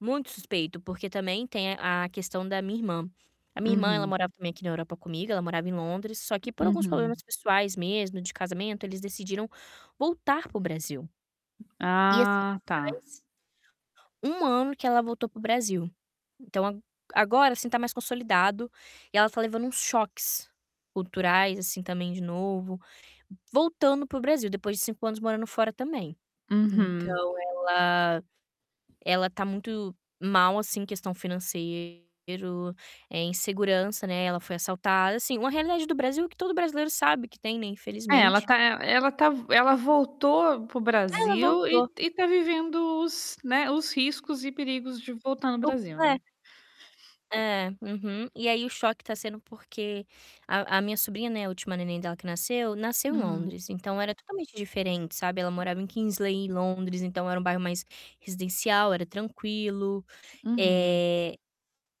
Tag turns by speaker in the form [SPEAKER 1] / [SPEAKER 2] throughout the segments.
[SPEAKER 1] Muito suspeito, porque também tem a questão da minha irmã. A minha irmã, ela
[SPEAKER 2] Uhum.
[SPEAKER 1] morava também aqui na Europa comigo, ela morava em Londres, só que por alguns
[SPEAKER 2] Uhum.
[SPEAKER 1] problemas pessoais mesmo, de casamento, eles decidiram voltar para o Brasil. E, assim,
[SPEAKER 2] Ah, tá.
[SPEAKER 1] faz 1 ano que ela voltou para o Brasil. Então a agora, assim, tá mais consolidado e ela tá levando uns choques culturais, assim, também de novo, voltando para o Brasil depois de 5 anos morando fora também.
[SPEAKER 2] Uhum.
[SPEAKER 1] Então ela ela tá muito mal, assim, em questão financeiro, eh, insegurança, né, ela foi assaltada. Assim, uma realidade do Brasil que todo brasileiro sabe que tem, né,
[SPEAKER 2] É, ela
[SPEAKER 1] infelizmente.
[SPEAKER 2] tá ela tá ela voltou para o
[SPEAKER 1] É, ela
[SPEAKER 2] Brasil
[SPEAKER 1] voltou.
[SPEAKER 2] e e tá vivendo os né, os riscos e perigos de voltar no Brasil,
[SPEAKER 1] [unintelligible]
[SPEAKER 2] né?
[SPEAKER 1] É, uhum. E aí o choque tá sendo porque a a minha sobrinha, né, a última neném dela que nasceu, nasceu em
[SPEAKER 2] Hum.
[SPEAKER 1] Londres, então era totalmente diferente, sabe. Ela morava em Kingsley, em Londres, então era um bairro mais residencial, era tranquilo.
[SPEAKER 2] Uhum.
[SPEAKER 1] Eh,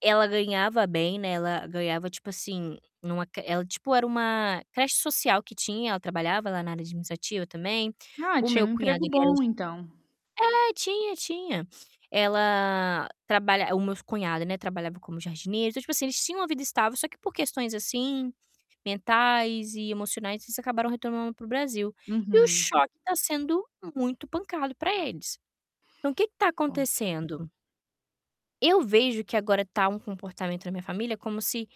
[SPEAKER 1] ela ganhava bem, né, ela ganhava tipo assim, numa ela tipo era uma creche social que tinha, ela trabalhava lá na área administrativa também.
[SPEAKER 2] Ah,
[SPEAKER 1] O
[SPEAKER 2] tinha
[SPEAKER 1] meu
[SPEAKER 2] um
[SPEAKER 1] cunhado
[SPEAKER 2] emprego
[SPEAKER 1] ele era eng
[SPEAKER 2] bom, então.
[SPEAKER 1] É, tinha, tinha. Ela trabalha o meu cunhado, né, trabalhava como jardineiro. Então, tipo assim, eles tinham uma vida estável, só que por questões, assim, mentais e emocionais, eles acabaram retornando para o Brasil. E o
[SPEAKER 2] Uhum.
[SPEAKER 1] choque tá sendo muito pancado pra eles. Então, o que que tá
[SPEAKER 2] Pode.
[SPEAKER 1] acontecendo? Eu vejo que agora tá um comportamento da minha família como se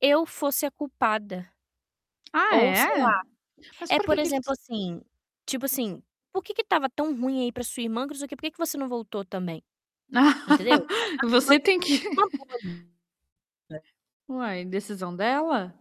[SPEAKER 1] eu fosse a culpada
[SPEAKER 2] Ah,
[SPEAKER 1] ou sei lá.
[SPEAKER 2] é? Mas
[SPEAKER 1] É,
[SPEAKER 2] por
[SPEAKER 1] por
[SPEAKER 2] que que ele
[SPEAKER 1] exemplo, assim, tipo assim: "Por que que estava tão ruim aí pra sua irmã, que não sei o quê, por que que você não voltou também?", entendeu? A minha irmã
[SPEAKER 2] Você tem
[SPEAKER 1] tinha
[SPEAKER 2] que
[SPEAKER 1] uma boa vida
[SPEAKER 2] Uai, decisão dela?